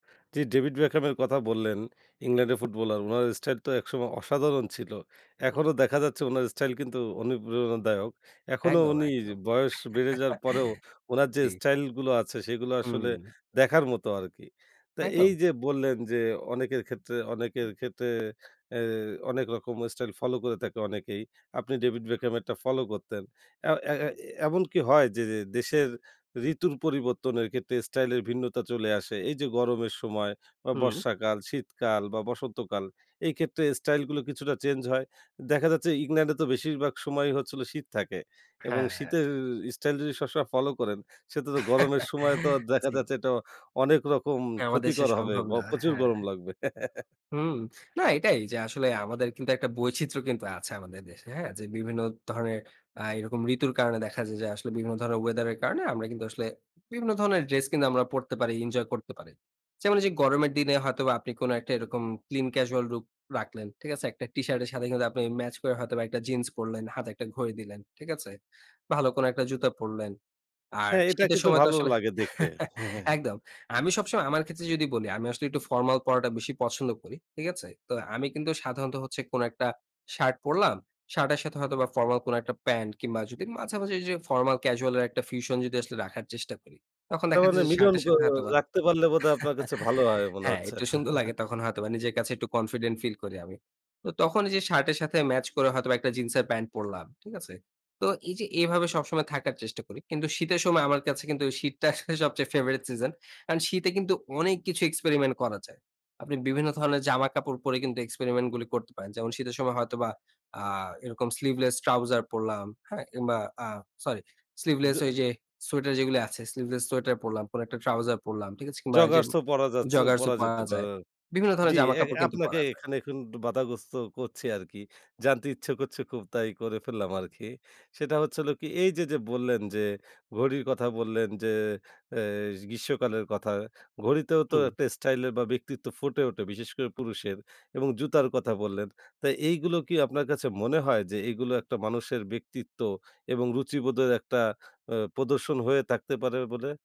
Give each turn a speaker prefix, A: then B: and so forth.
A: যে 'David Beckham' এর কথা বললেন, ইংল্যান্ডের ফুটবলার। উনার স্টাইল তো একসময় অসাধারণ ছিল। এখনো
B: হুম।
A: দেখা যাচ্ছে উনার স্টাইল কিন্তু অনুপ্রেরণাদায়ক। এখনো
B: একদম,
A: উনি
B: একদম।
A: বয়স বেড়ে যাওয়ার পরেও উনার যে
B: জ্বী।
A: স্টাইল গুলো আছে সেগুলো আসলে
B: হুম।
A: দেখার মতো আরকি। তো এই
B: একদম।
A: যে বললেন যে অনেকের ক্ষেত্রে, অনেকের ক্ষেত্রে অ্যা অনেক রকম স্টাইল ফলো করে থাকে অনেকেই। আপনি 'ডেভিড বেকহ্যামেরটা' ফলো করতেন। অ্যা অ্যা অ্যা এ এমন কি হয় যে যে দেশের ঋতুর পরিবর্তনের ক্ষেত্রে স্টাইল এর ভিন্নতা চলে আসে? এই যে গরমের সময় বা
B: হুম।
A: বর্ষাকাল, শীতকাল বা বসন্তকাল এই ক্ষেত্রে স্টাইল গুলো কিছুটা চেঞ্জ হয়। দেখা যাচ্ছে ইংল্যান্ডে তো বেশিরভাগ সময়ই হচ্ছিল শীত থাকে। এবং
B: হ্যাঁ।
A: শীতের স্টাইল যদি সব সময় ফলো করেন, সে তো গরমের সময় তো আর দেখা
B: জ্বী।
A: যাচ্ছে এটা অনেক রকম
B: হ্যাঁ, আমা দেশে
A: ক্ষতিকর হবে।
B: সম্ভব
A: বা
B: না।
A: প্রচুর
B: হ্যাঁ।
A: গরম লাগবে।
B: হুম, না এটাই যে আসলে আমাদের কিন্তু একটা বৈচিত্র্য কিন্তু আছে আমাদের দেশে। হ্যাঁ? যে বিভিন্ন ধরনের অ্যা এরকম ঋতুর কারণে দেখা যায় যে আসলে বিভিন্ন ধরনের ওয়েদার এর কারণে আমরা কিন্তু আসলে বিভিন্ন ধরনের ড্রেস কিন্তু আমরা পরতে পারি, এনজয় করতে পারি। যেমন এইযে গরমের দিনে হয়তোবা আপনি কোন একটা এরকম clean casual look রাখলেন। ঠিক আছে? একটা টিশার্টের সাথে কিন্তু আপনি ম্যাচ করে হয়তোবা একটা জিন্স পরলেন, হাতে একটা ঘড়ি দিলেন। ঠিক আছে? ভালো কোন একটা জুতা পড়লেন। আর
A: হ্যাঁ, এটাকে
B: শীতের
A: তো
B: সময় তো
A: ভালো
B: আসলে
A: লাগে দেখতে। হ্যাঁ, হ্যাঁ।
B: একদম। আমি সবসময় আমার ক্ষেত্রে যদি বলি, আমি আসলে একটু ফরমাল পড়াটা বেশি পছন্দ করি। ঠিক আছে? তো আমি কিন্তু সাধারণত হচ্ছে কোন একটা, শার্ট পড়লাম। শার্টের সাথে হয়তোবা ফরমাল কোন একটা প্যান্ট কিংবা যদি মাঝামাঝি যে ফরমাল ক্যাজুয়াল এর একটা fusion যদি আসলে রাখার চেষ্টা করি। তখন
A: তার
B: দেখা
A: মানে
B: যায় যে,
A: মিলন
B: শার্টের
A: ক
B: সাথে হয়তোবা
A: রাখতে পারলে বোধহয় আপনার কাছে ভালো হয় মনে
B: হ্যাঁ,
A: হচ্ছে?
B: একটু সুন্দর লাগে তখন হয়তোবা নিজের কাছে একটু কনফিডেন্ট ফিল করি আমি। তো তখন ঐ যে শার্টের সাথে ম্যাচ করে হয়তোবা একটা জিন্সের প্যান্ট পড়লাম। ঠিক আছে? তো এই যে এভাবে সবসময় থাকার চেষ্টা করি। কিন্তু শীতের সময় আমার কাছে কিন্তু শীতটা আসলে সবচেয়ে favorite season কারন শীতে কিন্তু অনেক কিছু এক্সপেরিমেন্ট করা যায়। আপনি বিভিন্ন ধরনের জামা কাপড় পরে কিন্তু এক্সপেরিমেন্ট গুলি করতে পারেন। যেমন শীতের সময় হয়তো বা আ এরকম sleeveless trouser পড়লাম, হ্যাঁ, কিংবা অ্যা সরি স্লিভলেস ওই
A: [unintelligible]
B: যে সোয়েটার যেগুলি আছে, স্লিভলেস সোয়েটার পড়লাম, কোন একটা ট্রাউজার পড়লাম। ঠিক আছে? কিংবা এইযে ম
A: জগার্সও পড়া যাচ্ছে,
B: জগার্সও
A: পড়া যেতে
B: পরা যায়।
A: পারে
B: বিভিন্ন ধরনের
A: জি, অ্যা এ
B: জামাকাপড় কিন্তু
A: আপনাকে
B: পরা যায়।
A: এখানে এখন বাধাগ্রস্ত করছি আরকি। জানতে ইচ্ছে করছে খুব তাই করে ফেললাম আরকি। সেটা হচ্ছে হলো কি এই যে যে বললেন যে ঘড়ির কথা বললেন যে অ্যা গ্রীষ্মকালের কথা। ঘড়িতেও তো
B: হুম।
A: একটা স্টাইল বা ব্যক্তিত্ব ফুটে ওঠে বিশেষ করে পুরুষের এবং জুতার কথা বললেন। তো এইগুলো কি আপনার কাছে মনে হয়, যে এইগুলো একটা মানুষের ব্যক্তিত্ব এবং রুচিবোধের একটা অ্যা প্রদর্শন হয়ে থাকতে পারে বলে?